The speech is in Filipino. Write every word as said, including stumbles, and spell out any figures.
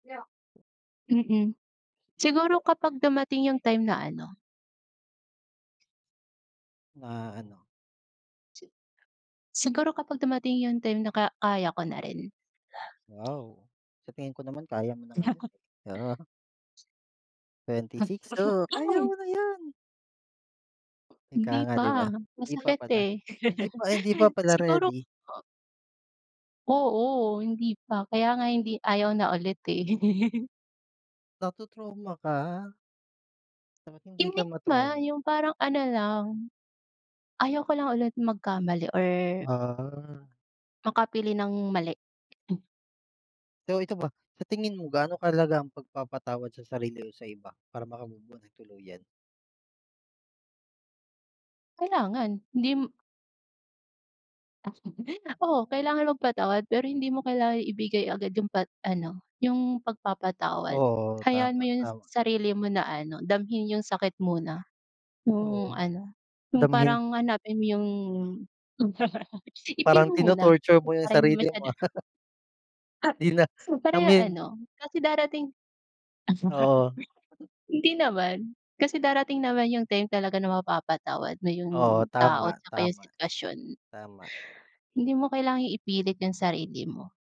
Mm, siguro kapag dumating yung time na ano. Ma ano? Si siguro kapag dumating yung time na ka kaya ko na rin. Wow, sa tingin ko naman kaya mo na ngayon, eh, oo. Twenty six oh, kaya mo na yan. Ika Hindi nga 'di ba? pa, Hindi pa masakit, pala, eh, hindi pa hindi pa pala siguro ready. o Oo, hindi pa, kaya nga hindi ayaw na ulit, eh. Nato-trauma ka? Hindi ka Hindi naman ma-trauma. yung parang ano lang, ayaw ko lang ulit magkamali or Ah. makapili ng mali. Pero ito ba, sa tingin mo gaano kahalaga ang pagpapatawad sa sarili o sa iba para maka move-on nang tuluyan? Kailangan, hindi Oo kailangan magpatawad pero hindi mo kailangan ibigay agad yung pa ano yung pagpapatawad, Oo, hayaan tama, mo yung tama. sarili mo na ano, damhin yung sakit muna, Oo, yung ano, yung damhin. parang hanapin mo yung i-feel Parang mo muna tino-torture mo yung para hindi sarili mo. masyadong Ah Di na so, para ya damhin ano kasi darating Oo. Hindi naman, kasi darating naman yung time talaga na mapapatawad mo yung Oo tao,' tama, tsaka yung tama, sitwasyon. tama. Hindi mo kailangang ipilit yung sarili mo.